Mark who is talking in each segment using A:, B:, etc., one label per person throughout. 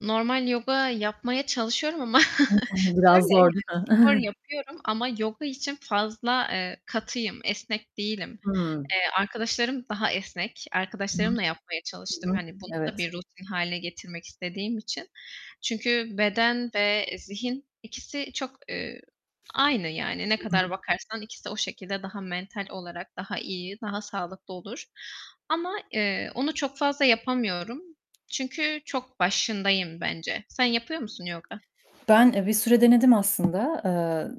A: Normal yoga yapmaya çalışıyorum ama
B: [unintelligible] Biraz
A: şöyle, yani
B: zor değil mi?
A: spor yapıyorum ama yoga için fazla, eee, katıyım, esnek değilim.
B: Hımm.
A: Eee, arkadaşlarım daha esnek.
B: Hı.
A: Arkadaşlarımla yapmaya
B: Hı
A: çalıştım
B: hı.
A: hani bunu da
B: Evet.
A: bir rutin hâle getirmek istediğim için. Çünkü beden ve zihin ikisi çok, eee, aynı yani ne
B: Hı hı.
A: kadar bakarsan ikisi o şekilde daha mental olarak daha iyi, daha sağlıklı olur ama, eee, onu çok fazla yapamıyorum çünkü çok başındayım bence. Sen yapıyor musun yoga?
B: Ben, eee, bir süre denedim aslında, eee,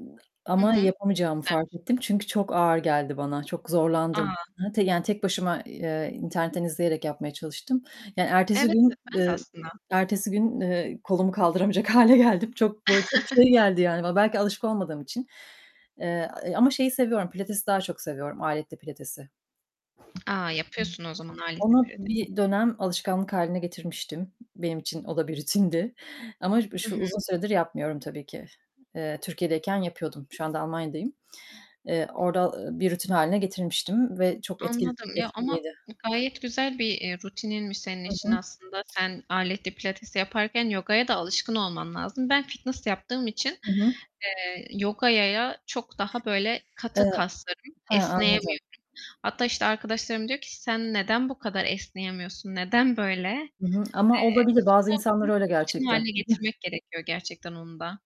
A: Hı hı.
B: ama
A: Çok
B: yapamayacağımı fark
A: güzelmiş.
B: ettim çünkü çok ağır geldi bana, çok zorlandım.
A: A!
B: Hı hı, te yani tek başıma, eee, internetten izleyerek yapmaya çalıştım, yani ertesi
A: Evet, evet
B: gün,
A: ben de
B: eee,
A: aslında.
B: ertesi gün, eee, kolumu kaldıramayacak hâle geldim. Çok, böyle çok şey geldi yani bana belki alışık olmadığım için, eee, a e ama şeyi seviyorum, pilatesi daha çok seviyorum, aletli pilatesi.
A: A, yapıyorsun o zaman aletli
B: Onu
A: pilates.
B: bir dönem alışkanlık hâline getirmiştim. Benim için o da bir rutindi ama b
A: Hı
B: şu
A: hı.
B: uzun süredir yapmıyorum tabii ki. Eee, Türkiye'deyken yapıyordum. Şu anda Almanya'dayım. Eee, orda, ııı, bir rutin hâline getirmiştim ve çok etki
A: Anladım, ya, ama
B: etkiliydi.
A: gayet güzel bir, eee, rutininmiş senin
B: Hı
A: için
B: hı.
A: aslında. Sen aletli pilates yaparken yogaya da alışkın olman lazım. Ben fitness yaptığım için,
B: Hı hı.
A: eee, yogaya çok daha böyle katı
B: Eee,
A: kaslarım,
B: ha, anladım.
A: esneyemiyorum. Hatta işte arkadaşlarım diyor ki: "Sen neden bu kadar esneyemiyorsun, neden böyle?"
B: Hı
A: Eee,
B: hı, ama olabilir.
A: işte
B: Bazı
A: onu
B: insanlar
A: aslında
B: öyle
A: rutin
B: gerçekten.
A: hâle getirmek gerekiyor gerçekten onu da.